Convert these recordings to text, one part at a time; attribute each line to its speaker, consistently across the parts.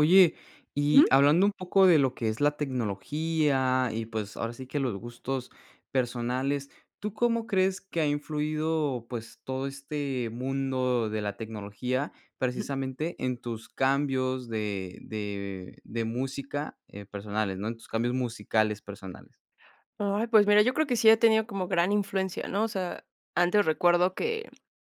Speaker 1: Oye, y
Speaker 2: Ujú.
Speaker 1: hablando un poco de lo que es la tecnología y, pues, ahora sí que los gustos personales. ¿Tú cómo crees que ha influido, pues, todo este mundo de la tecnología?
Speaker 2: Ujú.
Speaker 1: Precisamente, en tus cambios de de de música, eh, personales, ¿no? En tus cambios musicales personales.
Speaker 2: Ay, pues, mira, yo creo que sí he tenido como gran influencia, ¿no? O sea, antes recuerdo que,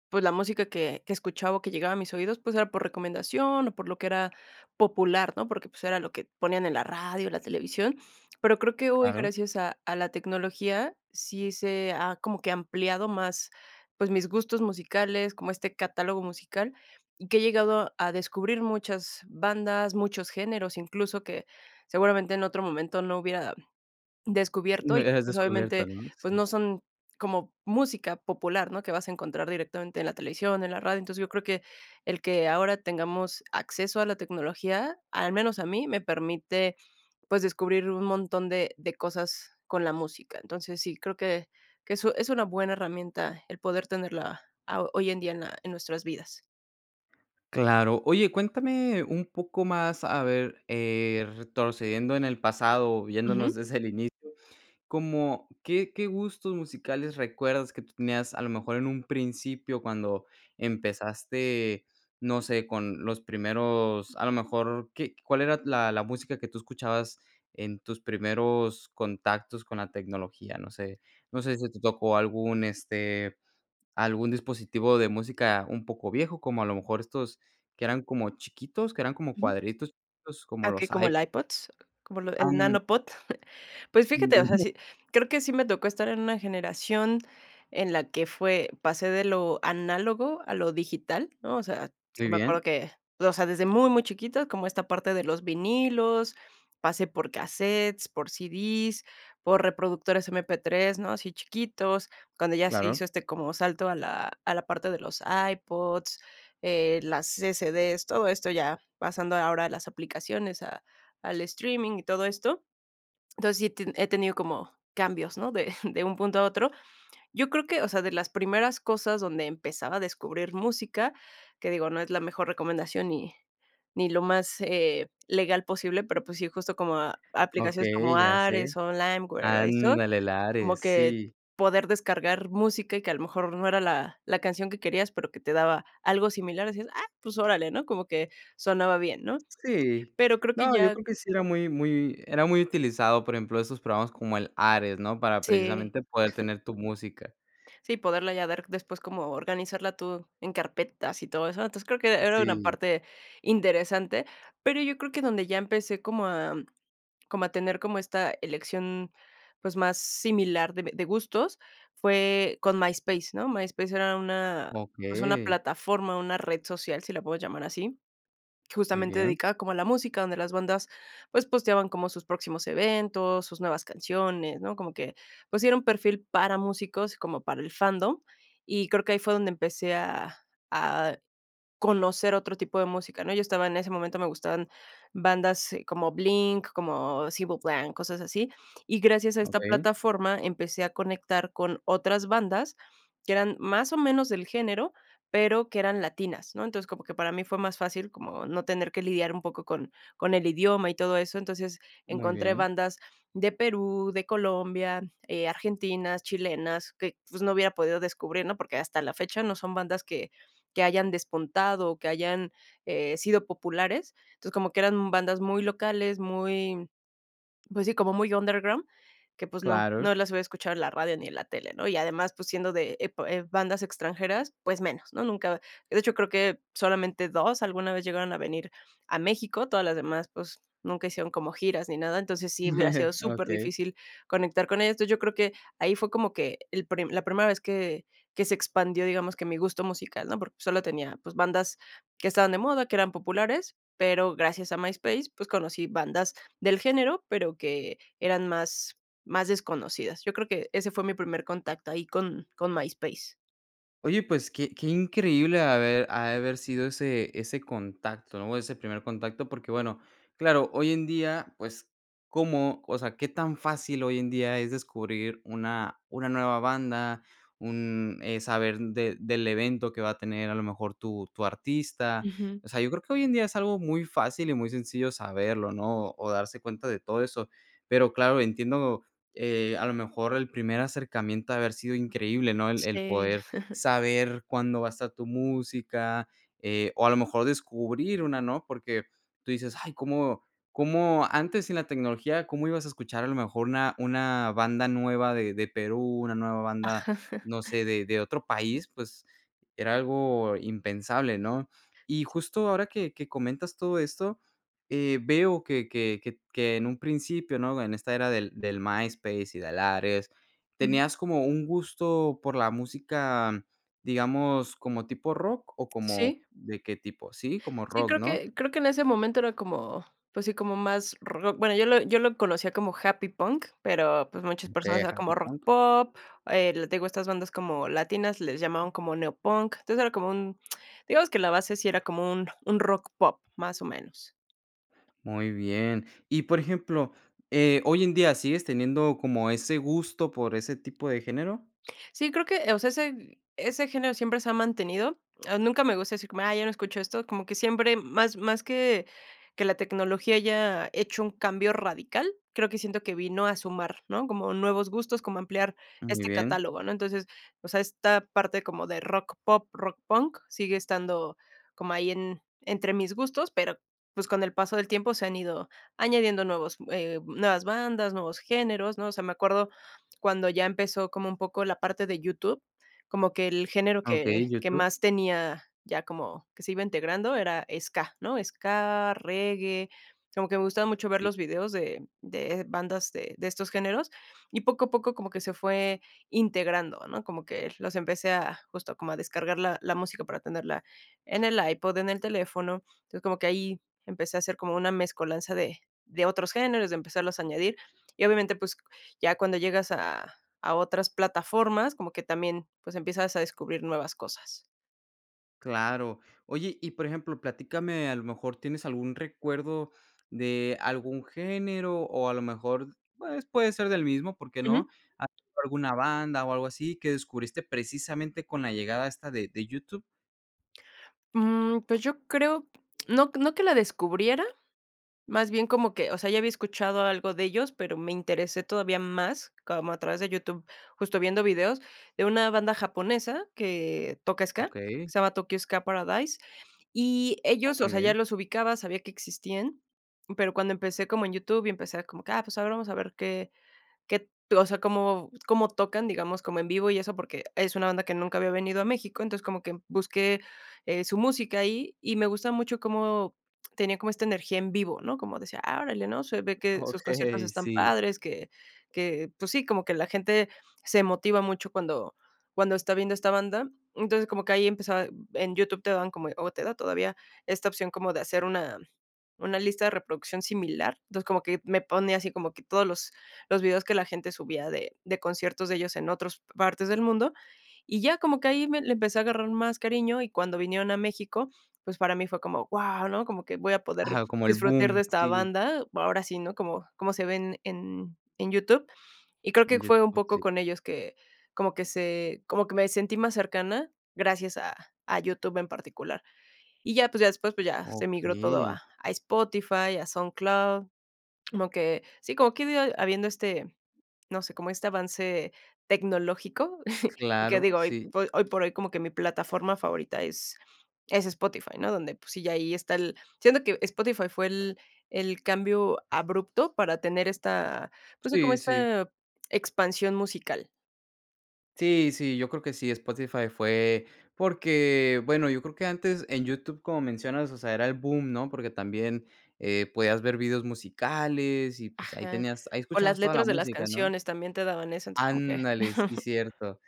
Speaker 2: pues, la música que que escuchaba o que llegaba a mis oídos, pues, era por recomendación o por lo que era popular, ¿no? Porque, pues, era lo que ponían en la radio, en la televisión. Pero creo que hoy,
Speaker 1: Claro.
Speaker 2: gracias a a la tecnología, sí se ha como que ampliado más, pues, mis gustos musicales, como este catálogo musical, y que he llegado a descubrir muchas bandas, muchos géneros, incluso que seguramente en otro momento no hubiera descubierto y que,
Speaker 1: [unintelligible]
Speaker 2: pues,
Speaker 1: descubierto,
Speaker 2: obviamente,
Speaker 1: ¿no?
Speaker 2: pues,
Speaker 1: Sí.
Speaker 2: no son como música popular, ¿no?, que vas a encontrar directamente en la televisión, en la radio. Entonces, yo creo que el que ahora tengamos acceso a la tecnología, al menos a mí, me permite pues descubrir un montón de de cosas con la música. Entonces sí creo que que es u es una buena herramienta el poder tenerla aho hoy en día en la en nuestras vidas.
Speaker 1: Claro. Oye, cuéntame un poco más, a ver, eh, retrocediendo en el pasado, o viéndonos
Speaker 2: Ujú.
Speaker 1: desde el inicio, ¿como qué qué gustos musicales recuerdas que tú tenías a lo mejor en un principio cuando empezaste, no sé, con los primeros, a lo mejor qué cuál era la la música que tú escuchabas en tus primeros contactos con la tecnología? No sé no sé si te tocó algún, este, algún dispositivo de música un poco viejo, como a lo mejor estos que eran como chiquitos, que eran como
Speaker 2: Ujú.
Speaker 1: cuadritos chiquitos,
Speaker 2: Ah,
Speaker 1: como
Speaker 2: okey,
Speaker 1: los
Speaker 2: como el
Speaker 1: iPo
Speaker 2: iPods, como lo el
Speaker 1: Em.
Speaker 2: Nano Pod. Pues fíjate, o sea,
Speaker 1: Debería.
Speaker 2: sí, creo que sí me tocó estar en una generación en la que fue pasé de lo análogo a lo digital, ¿no? O sea, sí
Speaker 1: Muy
Speaker 2: me acuerdo
Speaker 1: bien.
Speaker 2: que, o sea, desde muy muy chiquitos, como esta parte de los vinilos, pasé por casetes, por CDs, por reproductores MP3, ¿no? Así chiquitos, cuando ya se hizo,
Speaker 1: Claro.
Speaker 2: este, como salto a la a la parte de los iPods, eh, las CCDs, todo esto ya, pasando ahora las aplicaciones a al streaming y todo esto. Entonces, sí he te he tenido como cambios, ¿no? De de un punto a otro. Yo creo que, o sea, de las primeras cosas donde empezaba a descubrir música, que digo, no es la mejor recomendación, ni ni lo más, eh, legal posible, pero pues sí, justo como a aplicaciones como
Speaker 1: Okey ya sé,
Speaker 2: Ares,o Limeware, o eso,
Speaker 1: ándale el
Speaker 2: como
Speaker 1: Ares,
Speaker 2: que
Speaker 1: sí.
Speaker 2: poder descargar música y que a lo mejor no era la la canción que querías, pero que te daba algo similar, así es, ah, pues órale, ¿no? Como que sonaba bien, ¿no?
Speaker 1: Sí,
Speaker 2: Pero creo que
Speaker 1: no, yo
Speaker 2: ya
Speaker 1: creo que sí era muy muy era muy utilizado, por ejemplo, esos programas como el Ares, ¿no? Para
Speaker 2: Sí
Speaker 1: precisamente poder tener tu música.
Speaker 2: Sí, poderla ya dar después como organizarla tú en carpetas y todo eso. Entonces, creo que e era una
Speaker 1: Sí.
Speaker 2: parte interesante, pero yo creo que donde ya empecé como a como a tener como esta elección, pues, más similar de b de gustos fue con MySpace, ¿no? MySpace era una pues, una
Speaker 1: Okey.
Speaker 2: plataforma, una red social, si la puedes llamar así,
Speaker 1: Muy
Speaker 2: justamente
Speaker 1: bien.
Speaker 2: dedicada como a la música, donde las bandas, pues, posteaban como sus próximos eventos, sus nuevas canciones, ¿no? Como que, pues, sí era un perfil para músicos, como para el fandom, y creo que ahí fue donde empecé a a conocer otro tipo de música, ¿no? Yo estaba en ese momento, me gustaban bandas como Blink, como Sable Blanc, cosas así. Y gracias a esta
Speaker 1: Okey.
Speaker 2: plataforma empecé a conectar con otras bandas que eran más o menos del género, pero que eran latinas, ¿no? Entonces, como que para mí fue más fácil como no tener que lidiar un poco con con el idioma y todo eso. Entonces,
Speaker 1: Muy
Speaker 2: encontré
Speaker 1: bien.
Speaker 2: bandas de Perú, de Colombia, eh, argentinas, chilenas, que, pues, no hubiera podido descubrir, ¿no? Porque hasta la fecha no son bandas que que hayan despuntado o que hayan, eh, sido populares. Entonces, como que eran bandas muy locales, muy, pues, sí, como muy underground, que, pues, no
Speaker 1: Claro.
Speaker 2: no las hubiera escuchado en la radio ni en la tele, ¿no? Y además, pues, siendo de epo eh, bandas extranjeras, pues, menos, ¿no? Nunca, de hecho, creo que solamente 2 alguna vez llegaron a venir a México, todas las demás, pues, nunca hicieron como giras ni nada. Entonces, sí hubiera sido súper
Speaker 1: Okey.
Speaker 2: difícil conectar con ellos. Entonces, yo creo que ahí fue como que el prime la primera vez que que se expandió, digamos, que mi gusto musical, ¿no? Porque solo tenía, pues, bandas que estaban de moda, que eran populares, pero gracias a MySpace, pues, conocí bandas del género, pero que eran más más desconocidas. Yo creo que ese fue mi primer contacto ahí con con MySpace.
Speaker 1: Oye, pues, que que increíble ave ha de haber sido ese ese contacto, o ese primer contacto, porque bueno, claro, hoy en día, pues, cómo, o sea, qué tan fácil hoy en día es descubrir una una nueva banda, un, eh, saber de del evento que va a tener a lo mejor tu tu artista.
Speaker 2: Ujú.
Speaker 1: O sea, yo creo que hoy en día es algo muy fácil y muy sencillo saberlo, ¿no? O o darse cuenta de todo eso. Pero claro, entiendo, eh, a lo mejor el primer acercamiento ha de haber sido increíble, ¿no? El el
Speaker 2: Sí.
Speaker 1: poder saber cuándo va a estar tu música, eh, o a lo mejor descubrir una, ¿no? Porque tú dices: "Ay, ¿cómo cómo?, antes sin la tecnología, ¿cómo ibas a escuchar a lo mejor una una banda nueva de de Perú, una nueva banda,
Speaker 2: Ajá.
Speaker 1: no sé, de de otro país?" Pues era algo impensable, ¿no? Y justo ahora que que comentas todo esto, eh, veo que que que que en un principio, ¿no? En esta era del del MySpace y del Ares,
Speaker 2: Ujú.
Speaker 1: tenías como un gusto por la música, digamos, ¿como tipo rock o como
Speaker 2: Sí.
Speaker 1: de qué tipo?, sí, como
Speaker 2: Sí,
Speaker 1: rock,
Speaker 2: creo
Speaker 1: ¿no?
Speaker 2: que creo que en ese momento era como, pues, sí, como más rock, bueno, yo lo yo lo conocía como happy punk, pero, pues, muchas personas
Speaker 1: Okey,
Speaker 2: eran
Speaker 1: ¿happy
Speaker 2: como rock
Speaker 1: punk?
Speaker 2: pop, el te digo, estas bandas como latinas les llamaban como neo punk, entonces era como un, digamos, que la base sí era como un un rock pop, más o menos.
Speaker 1: Muy bien. Y por ejemplo, eh, ¿hoy en día sigues teniendo como ese gusto por ese tipo de género?
Speaker 2: Sí, creo que, o sea, ese ese género siempre se ha mantenido. Nunca me gusta decir como, ay, yo no escucho esto, como que siempre más más que que la tecnología haya hecho un cambio radical, creo que siento que vino a sumar, ¿no? Como nuevos gustos, como ampliar
Speaker 1: Ah, muy
Speaker 2: este
Speaker 1: bien.
Speaker 2: catálogo, ¿no? Entonces, o sea, esta parte como de rock pop, rock punk sigue estando como ahí en entre mis gustos, pero, pues, con el paso del tiempo se han ido añadiendo nuevos, eh, nuevas bandas, nuevos géneros, ¿no? O sea, me acuerdo cuando ya empezó como un poco la parte de YouTube, como que el género
Speaker 1: Ah, okey,
Speaker 2: que que
Speaker 1: YouTube.
Speaker 2: más tenía, ya como que se iba integrando, era Ska, ¿no? Ska, Reggae, como que me gustaba mucho ver
Speaker 1: Sí.
Speaker 2: los videos de de bandas de de estos géneros, y poco a poco como que se fue integrando, ¿no? Como que los empecé a justo como a descargar la la música para tenerla en el iPod, en el teléfono. Entonces, como que ahí empecé a hacer como una mezcolanza de de otros géneros, de empezarlos a añadir. Y, obviamente, pues, ya cuando llegas a a otras plataformas, como que también, pues, empiezas a descubrir nuevas cosas.
Speaker 1: Claro. Oye, y por ejemplo, platícame, a lo mejor tienes algún recuerdo de algún género o a lo mejor, pues puede ser del mismo, ¿por qué
Speaker 2: Ujú.
Speaker 1: no? Has visto alguna banda o algo así que descubriste precisamente con la llegada esta de de YouTube.
Speaker 2: Mm, pues yo creo, no no que la descubriera, más bien como que o sea, ya había escuchado algo de ellos, pero me interesé todavía más como a través de YouTube, justo viendo videos de una banda japonesa que toca Ska, que
Speaker 1: Okey.
Speaker 2: se llama Tokyo Ska Paradise, y
Speaker 1: Oh,
Speaker 2: ellos, o
Speaker 1: muy
Speaker 2: sea, ya
Speaker 1: bien.
Speaker 2: los ubicaba, sabía que existían, pero cuando empecé como en YouTube y empecé como que, ah, pues ahora vamos a ver qué qué t, o sea, cómo cómo tocan, digamos, como en vivo y eso, porque es una banda que nunca había venido a México. Entonces, como que busqué, eh, su música y y me gusta mucho cómo tenía como esta energía en vivo, ¿no? Como decía: "Ah, órale", ¿no? Se ve que sus conciertos
Speaker 1: Okey,
Speaker 2: están
Speaker 1: sí.
Speaker 2: padres, que que, pues sí, como que la gente se motiva mucho cuando cuando está viendo esta banda. Entonces, como que ahí empezaba en YouTube te daban como o te da todavía esta opción como de hacer una una lista de reproducción similar. Entonces, como que me pone así como que todos los los videos que la gente subía de de conciertos de ellos en otros partes del mundo, y ya como que ahí me le empecé a agarrar más cariño, y cuando vinieron a México, pues para mí fue como: "Guau", ¿no? Como que voy a poder
Speaker 1: Ajá, como el
Speaker 2: disfrutar
Speaker 1: boom,
Speaker 2: de esta
Speaker 1: sí.
Speaker 2: banda, bu ahora sí, ¿no? Como como se ven en en YouTube. Y creo que
Speaker 1: En
Speaker 2: fue un
Speaker 1: YouTube,
Speaker 2: poco
Speaker 1: sí.
Speaker 2: con ellos que como que se como que me sentí más cercana gracias a a YouTube en particular. Y ya, pues, ya después, pues, ya se migró todo
Speaker 1: Okey.
Speaker 2: a a Spotify, a SoundCloud, como que sí, como que [unintelligible] habiendo este, no sé, como este avance tecnológico. Y que
Speaker 1: Claro,
Speaker 2: digo, hoy
Speaker 1: sí.
Speaker 2: hoy por hoy como que mi plataforma favorita es es Spotify, ¿no? Donde, pues, sí, ya ahí está el siento que Spotify fue el el cambio abrupto para tener esta, pues, como
Speaker 1: Sí, sí.
Speaker 2: esta expansión musical.
Speaker 1: Sí, sí, yo creo que sí, Spotify fue porque, bueno, yo creo que antes en YouTube, como mencionas, o sea, era el boom, ¿no? Porque también, eh, podías ver videos musicales y, pues, ahí
Speaker 2: Ajá.
Speaker 1: tenías ahí
Speaker 2: O las
Speaker 1: escuchabas toda la
Speaker 2: letras de las
Speaker 1: música, ¿no?
Speaker 2: canciones también te daban eso entonces como que.
Speaker 1: Ándale, sí, cierto.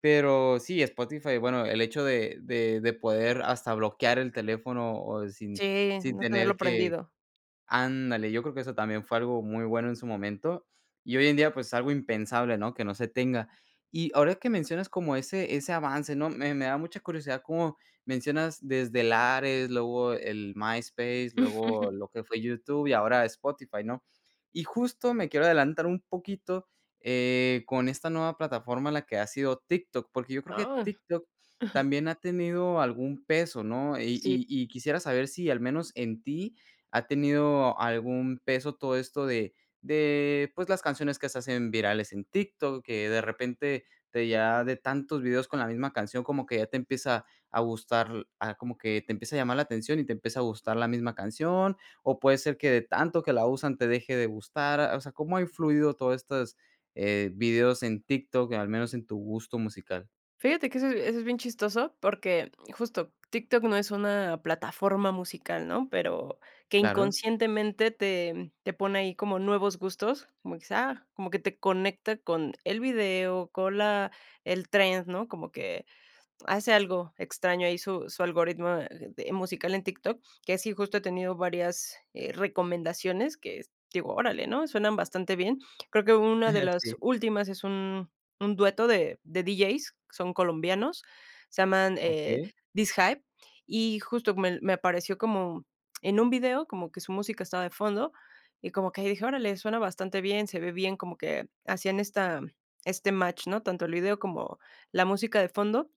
Speaker 1: Pero sí, Spotify, bueno, el hecho de de de poder hasta bloquear el teléfono o sin
Speaker 2: Sí,
Speaker 1: sin
Speaker 2: no tenerlo
Speaker 1: tener que
Speaker 2: prendido.
Speaker 1: ándale, yo creo que eso también fue algo muy bueno en su momento. Y hoy en día, pues, algo impensable, ¿no?, que no se tenga. Y ahora que mencionas como ese ese avance, ¿no? Me me da mucha curiosidad como mencionas desde el Ares, luego el MySpace, luego lo que fue YouTube y ahora Spotify, ¿no? Y justo me quiero adelantar un poquito, eh, con esta nueva plataforma a la que ha sido TikTok, porque yo creo que
Speaker 2: Ah.
Speaker 1: TikTok
Speaker 2: Ujú.
Speaker 1: también ha tenido algún peso, ¿no? Y
Speaker 2: Sí.
Speaker 1: y y quisiera saber si al menos en ti ha tenido algún peso todo esto de de, pues, las canciones que se hacen virales en TikTok, que de repente te llega de tantos videos con la misma canción como que ya te empieza a gustar a como que te empieza a llamar la atención y te empieza a gustar la misma canción, o puede ser que de tanto que la usan te deje de gustar. O sea, ¿cómo ha influido todo estas, eh, videos en TikTok, eh, al menos en tu gusto musical?
Speaker 2: Fíjate que eso es eso es bien chistoso, porque justo TikTok no es una plataforma musical, ¿no? Pero que
Speaker 1: Claro.
Speaker 2: inconscientemente te te pone ahí como nuevos gustos, como quizás, como que te conecta con el video, con la el trend, ¿no? Como que hace algo extraño ahí su su algoritmo de musical en Tik Tok, que sí justo he tenido varias, eh, recomendaciones que digo: "Órale", ¿no? Suenan bastante bien. Creo que hubo una de
Speaker 1: Ajá,
Speaker 2: las
Speaker 1: sí.
Speaker 2: últimas es un un dueto de de DJs, que son colombianos, se llaman, eh,
Speaker 1: Okey.
Speaker 2: DisHype, y justo me me apareció como en un video como que su música estaba de fondo, y como que dije: "Órale, suena bastante bien, se ve bien", como que hacían esta este match, ¿no? Tanto el video como la música de fondo.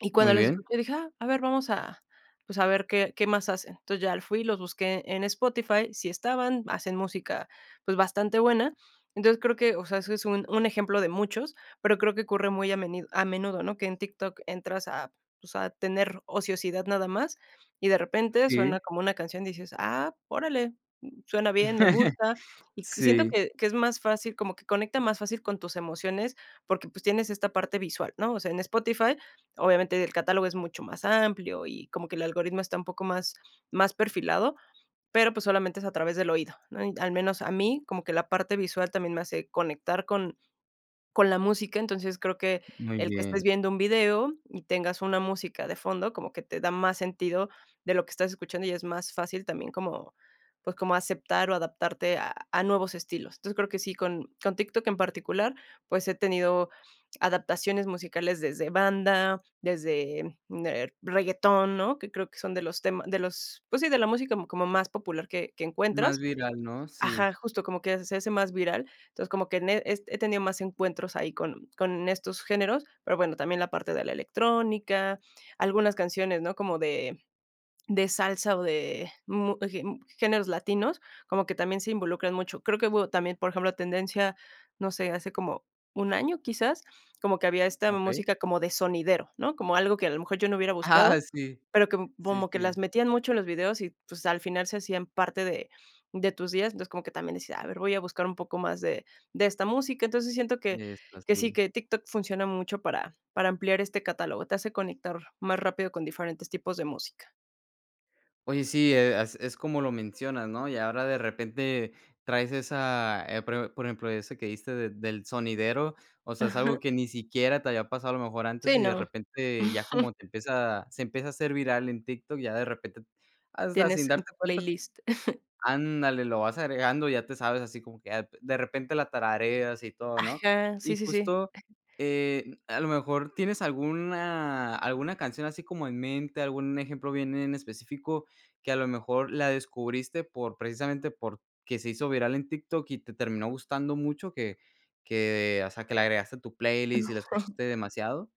Speaker 2: Y
Speaker 1: Muy
Speaker 2: cuando les
Speaker 1: bien.
Speaker 2: escuché dije: "Ah, a ver, vamos a, pues, a ver qué qué más hacen". Entonces, ya fui y los busqué en Spotify, sí estaban, hacen música, pues, bastante buena. Entonces, creo que, o sea, eso es un un ejemplo de muchos, pero creo que ocurre muy a menido a menudo, ¿no? Que en TikTok entras a, pues, a tener ociosidad nada más, y de repente
Speaker 1: Sí.
Speaker 2: suena como una canción y dices: "Ah, órale, suena bien, me gusta", y siento
Speaker 1: Sí.
Speaker 2: que que es más fácil, como que conecta más fácil con tus emociones, porque, pues, tienes esta parte visual, ¿no? O sea, en Spotify, obviamente, el catálogo es mucho más amplio, y como que el algoritmo está un poco más más perfilado, pero pues solamente es a través del oído, ¿no? Y al menos a mí, como que la parte visual también me hace conectar con con la música, entonces creo que
Speaker 1: Muy
Speaker 2: el que estés
Speaker 1: bien.
Speaker 2: viendo un video y tengas una música de fondo, como que te da más sentido de lo que estás escuchando y es más fácil también como, pues, como aceptar o adaptarte a a nuevos estilos. Entonces, creo que sí, con con TikTok en particular, pues, he tenido adaptaciones musicales desde banda, desde der reggaetón, ¿no? Que creo que son de los tema de los, pues, sí, de la música como más popular que que
Speaker 1: Más
Speaker 2: encuentras.
Speaker 1: viral, ¿no? Sí.
Speaker 2: Ajá, justo como que se hace más viral. Entonces, como que ne es he tenido más encuentros ahí con con estos géneros, pero, bueno, también la parte de la electrónica, algunas canciones, ¿no?, como de de salsa o de mu ge m géneros latinos, como que también se involucran mucho. Creo que hubo también, por ejemplo, tendencia, no sé, hace como un año quizás, como que había esta
Speaker 1: Okey.
Speaker 2: música como de sonidero, ¿no? Como algo que a lo mejor yo no hubiera buscado,
Speaker 1: Ah, sí.
Speaker 2: pero com
Speaker 1: Sí,
Speaker 2: como que las
Speaker 1: sí.
Speaker 2: metían mucho en los videos y, pues, al final se hacían parte de de tus días. Entonces, como que también decía, a ver, voy a buscar un poco más de de esta música. Entonces, siento que
Speaker 1: De esta,
Speaker 2: que sí,
Speaker 1: sí.
Speaker 2: que TikTok funciona mucho para para ampliar este catálogo. Te hace conectar más rápido con diferentes tipos de música.
Speaker 1: Oye, sí, e as es como lo mencionas, ¿no? Y ahora de repente traes esa, eh, pro por ejemplo, esa que dijiste de del sonidero, o sea, es algo
Speaker 2: Ajá.
Speaker 1: que ni siquiera te había pasado a lo mejor antes,
Speaker 2: Sí,
Speaker 1: y de
Speaker 2: no.
Speaker 1: repente ya como te empieza se empieza a hacer viral en TikTok, ya de repente, hasta sin
Speaker 2: Tienes en
Speaker 1: darte
Speaker 2: tu
Speaker 1: cuenta
Speaker 2: playlist.
Speaker 1: Ándale, lo vas agregando, ya te sabes así como que a p de repente la tarareas y todo, ¿no?
Speaker 2: Aja. Sí,
Speaker 1: Y
Speaker 2: sí, sí.
Speaker 1: justo, eh, a lo mejor, ¿tienes alguna alguna canción así como en mente, algún ejemplo bien en específico que a lo mejor la descubriste por precisamente porque se hizo viral en TikTok y te terminó gustando mucho que que, o sea, que le agregaste a tu playlist y la
Speaker 2: Sí.
Speaker 1: escuchaste demasiado?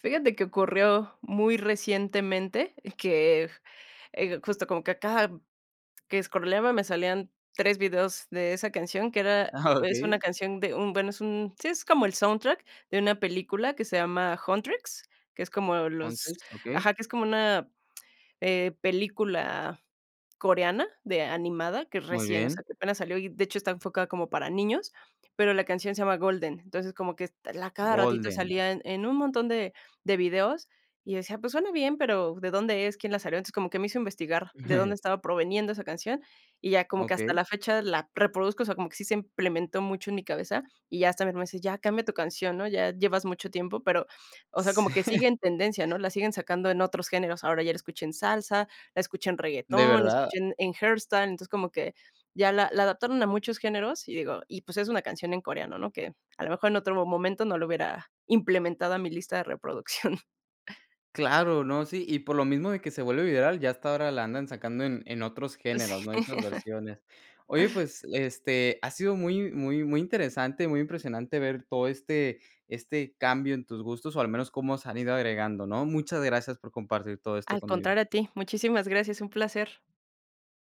Speaker 2: Fíjate que ocurrió muy recientemente que, eh, justo como que cada que escroleaba me salían 3 videos de esa canción que era
Speaker 1: Ah,
Speaker 2: es una
Speaker 1: okey.
Speaker 2: canción de un, bueno, es un sí, es como el soundtrack de una película que se llama Huntrix, que es como los
Speaker 1: Huntrix, okey.
Speaker 2: Ajá, que es como una, eh, película coreana de animada, que
Speaker 1: Muy
Speaker 2: recién o sea,
Speaker 1: bien.
Speaker 2: que apenas salió y, de hecho, está enfocada como para niños, pero la canción se llama Golden. Entonces, como que est l a cada ratito
Speaker 1: Golden.
Speaker 2: salía en en un montón de de videos, y decía: "Pues suena bien, pero ¿de dónde es? ¿Quién la salió?" Entonces, como que me hizo investigar de dónde estaba proviniendo esa canción, y ya como que hasta
Speaker 1: Okey.
Speaker 2: la fecha la reproduzco, o sea, como que sí se implementó mucho en mi cabeza, y ya hasta mi hermano dice: "Ya cambia tu canción, ¿no? Ya llevas mucho tiempo". Pero, o sea, como
Speaker 1: Sí.
Speaker 2: que sigue en tendencia, ¿no? La siguen sacando en otros géneros. Ahora ya la escuché en salsa, la escuché en
Speaker 1: ¿De
Speaker 2: reguetón, la
Speaker 1: verdad?
Speaker 2: escuché en en herstan entonces como que ya la la adaptaron a muchos géneros, y digo y pues es una canción en coreano, ¿no?, que a lo mejor en otro mo momento no la hubiera implementado a mi lista de reproducción.
Speaker 1: Claro, no, sí, y por lo mismo de que se vuelve viral, ya hasta ahora la andan sacando en en otros
Speaker 2: Sí.
Speaker 1: géneros, ¿no?, en otras versiones. Oye, pues, este, ha sido muy muy muy interesante, muy impresionante ver todo este este cambio en tus gustos o al menos cómo se han ido agregando, ¿no? Muchas gracias por compartir todo esto
Speaker 2: Al
Speaker 1: conmigo.
Speaker 2: contrario a ti, muchísimas gracias, un placer.